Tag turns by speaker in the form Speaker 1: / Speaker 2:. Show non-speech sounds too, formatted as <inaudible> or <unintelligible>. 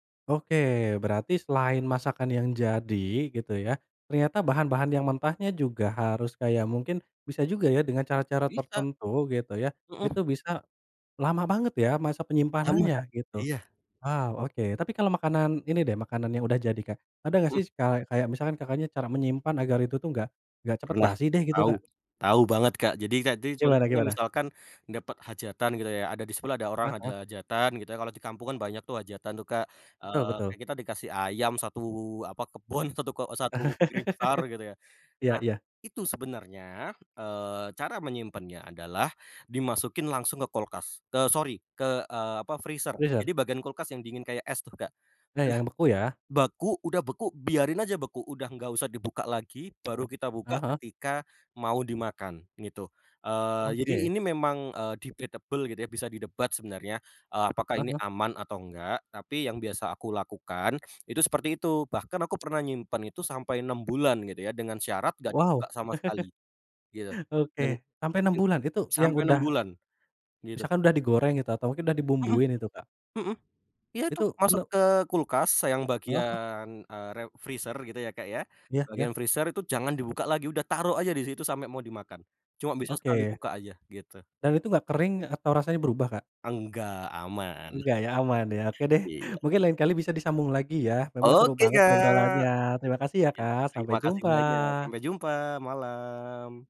Speaker 1: Oke, berarti selain masakan yang jadi gitu ya, ternyata bahan bahan yang mentahnya juga harus kayak mungkin bisa juga ya dengan cara cara
Speaker 2: Bisa.
Speaker 1: tertentu gitu ya, itu
Speaker 2: Mhm.
Speaker 1: bisa, lama banget ya masa
Speaker 2: Lama,
Speaker 1: penyimpanannya,
Speaker 2: Kak.
Speaker 1: gitu.
Speaker 2: Iya.
Speaker 1: Waw, oke. Tapi kalau makanan ini deh, makanan yang udah jadi, Kak. Ada nggak
Speaker 2: Mhm.
Speaker 1: sih kale kayak misalkan Kakaknya cara menyimpan agar itu tuh nggak, nggak cepet
Speaker 2: Pernah,
Speaker 1: basi deh gitu,
Speaker 2: tahu,
Speaker 1: Kak?
Speaker 2: tahu banget, Kak. Jadi, Kak, di
Speaker 1: Gimana
Speaker 2: contohnya
Speaker 1: gimana?
Speaker 2: misalkan, dapet hajatan gitu ya, ada di sebelah ada orang
Speaker 1: Hah
Speaker 2: ada
Speaker 1: Hah.
Speaker 2: hajatan, gitu ya, kalau di kampung kan banyak tuh hajatan tuh, Kak.
Speaker 1: Betul
Speaker 2: Eee,
Speaker 1: betul.
Speaker 2: kayak kita dikasih ayam 1 apa kebun, satu ke e 1 piring besar gitu ya.
Speaker 1: <laughs> Iya
Speaker 2: Nah,
Speaker 1: iya.
Speaker 2: itu sebenarnya, eee, cara menyimpannya adalah, dimasukin langsung ke kulkas. Te sori, ke, eee, apa freezer.
Speaker 1: Freezer.
Speaker 2: Jadi bagian kulkas yang dingin kayak es tuh, Kak. Eh,
Speaker 1: Iya yang beku ya.
Speaker 2: beku udah beku biarin aja beku, udah nggak usah dibuka lagi baru kita buka
Speaker 1: Heeh heeh.
Speaker 2: ketika mau dimakan, gitu. Eee, jadi
Speaker 1: Oke.
Speaker 2: ini memang, eee, debatable gitu ya bisa didebat sebenarnya. Eee, apakah
Speaker 1: Ah
Speaker 2: ini
Speaker 1: hah.
Speaker 2: aman atau nggak, tapi yang biasa aku lakukan, itu seperti itu. Bahkan aku pernah nyimpen itu sampai 6 bulan gitu ya, dengan syarat nggak
Speaker 1: Waw.
Speaker 2: dibuka sama
Speaker 1: <laughs>
Speaker 2: sekali. Gitu,
Speaker 1: Oke.
Speaker 2: dan
Speaker 1: sampai 6
Speaker 2: <unintelligible>
Speaker 1: bulan itu yang
Speaker 2: sampai 6
Speaker 1: udah
Speaker 2: bulan, gitu.
Speaker 1: misalkan udah digoreng gitu atau mungkin udah
Speaker 2: Mhm,
Speaker 1: dibumbuin itu, Kak?
Speaker 2: mhm. Iya tuh,
Speaker 1: Itu
Speaker 2: masuk
Speaker 1: no
Speaker 2: ke kulkas yang
Speaker 1: Eee, hah.
Speaker 2: bagian, eee, re freezer gitu ya, Kak, ya,
Speaker 1: Ya ya.
Speaker 2: bagian freezer itu jangan dibuka lagi udah, taruh aja di situ sampe mau dimakan. Cuma bisa sekali
Speaker 1: Oke.
Speaker 2: buka aja, gitu.
Speaker 1: Dan itu nggak kering atau rasanya berubah, Kak?
Speaker 2: Enggak, aman.
Speaker 1: Enggak ya, aman ya. Oke
Speaker 2: <chuckles>
Speaker 1: deh
Speaker 2: Iya.
Speaker 1: mungkin lain kali bisa disambung lagi ya, memang seru
Speaker 2: Oke,
Speaker 1: banget obrolannya.
Speaker 2: Kak!
Speaker 1: Terima kasih ya,
Speaker 2: Iya
Speaker 1: Kak, sampai
Speaker 2: terimakasih banyak
Speaker 1: jumpa.
Speaker 2: sampai jumpa, malam.